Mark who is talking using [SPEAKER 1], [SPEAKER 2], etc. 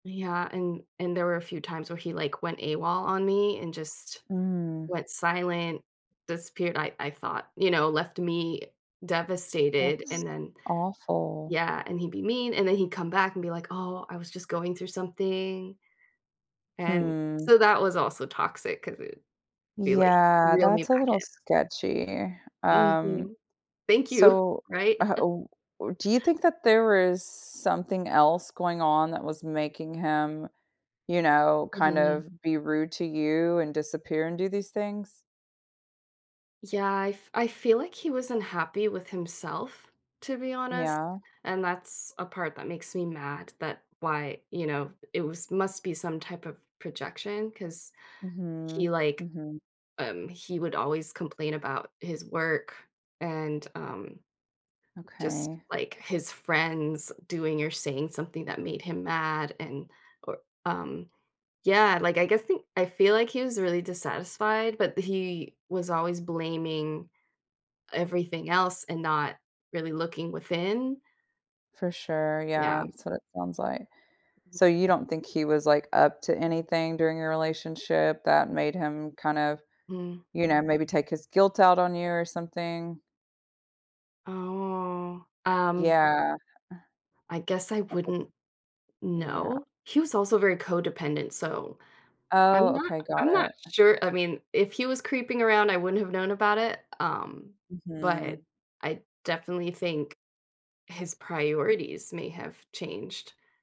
[SPEAKER 1] Yeah, and and there were a few times where he, like, went AWOL on me and just
[SPEAKER 2] Mm.
[SPEAKER 1] went silent, disappeared I I thought, you know, left me devastated
[SPEAKER 2] That's
[SPEAKER 1] and then
[SPEAKER 2] awful.
[SPEAKER 1] yeah. And he'd be mean and then he'd come back and be like, "Oh, I was just going through something." And
[SPEAKER 2] Hmm.
[SPEAKER 1] so, that was also toxic 'cause it'd be, like,
[SPEAKER 2] Yeah,
[SPEAKER 1] reel me
[SPEAKER 2] that's a
[SPEAKER 1] back
[SPEAKER 2] little
[SPEAKER 1] in.
[SPEAKER 2] sketchy. Um,
[SPEAKER 1] Mhm. Thank you.
[SPEAKER 2] so,
[SPEAKER 1] Right?
[SPEAKER 2] uh oh, do you think that there is something else going on that was making him, you know, kind
[SPEAKER 1] Mhm.
[SPEAKER 2] of be rude to you and disappear and do these things?
[SPEAKER 1] Yeah, I f I feel, like, he was unhappy with himself, to be honest,
[SPEAKER 2] Yeah.
[SPEAKER 1] and that's a part that makes me mad that why, you know, it was must be some type of projection 'cause he,
[SPEAKER 2] Mhm.
[SPEAKER 1] like,
[SPEAKER 2] Mhm.
[SPEAKER 1] um he would always complain about his work and, um, just
[SPEAKER 2] Okay.
[SPEAKER 1] like his friends doing or saying something that made him mad and or, um, yeah, like I guess think? I feel like he was really dissatisfied, but he was always blaming everything else and not really looking within?
[SPEAKER 2] For sure,
[SPEAKER 1] Yeah.
[SPEAKER 2] yeah, so, that sounds, like so, you don't think he was, like, up to anything during your relationship that made him kind of,
[SPEAKER 1] Mm.
[SPEAKER 2] you know, maybe take his guilt out on you or something?
[SPEAKER 1] Oh. Um
[SPEAKER 2] Yeah, uh.
[SPEAKER 1] I guess I
[SPEAKER 2] That was
[SPEAKER 1] wouldn't
[SPEAKER 2] yeah.
[SPEAKER 1] know. He was also very codependent, so, I'm
[SPEAKER 2] Oh,
[SPEAKER 1] not
[SPEAKER 2] okay. Got
[SPEAKER 1] I'm not
[SPEAKER 2] it.
[SPEAKER 1] sure, I mean, if he was creeping around, I wouldn't have known about it, um, but
[SPEAKER 2] Mhm.
[SPEAKER 1] I definitely think his priorities may have changed.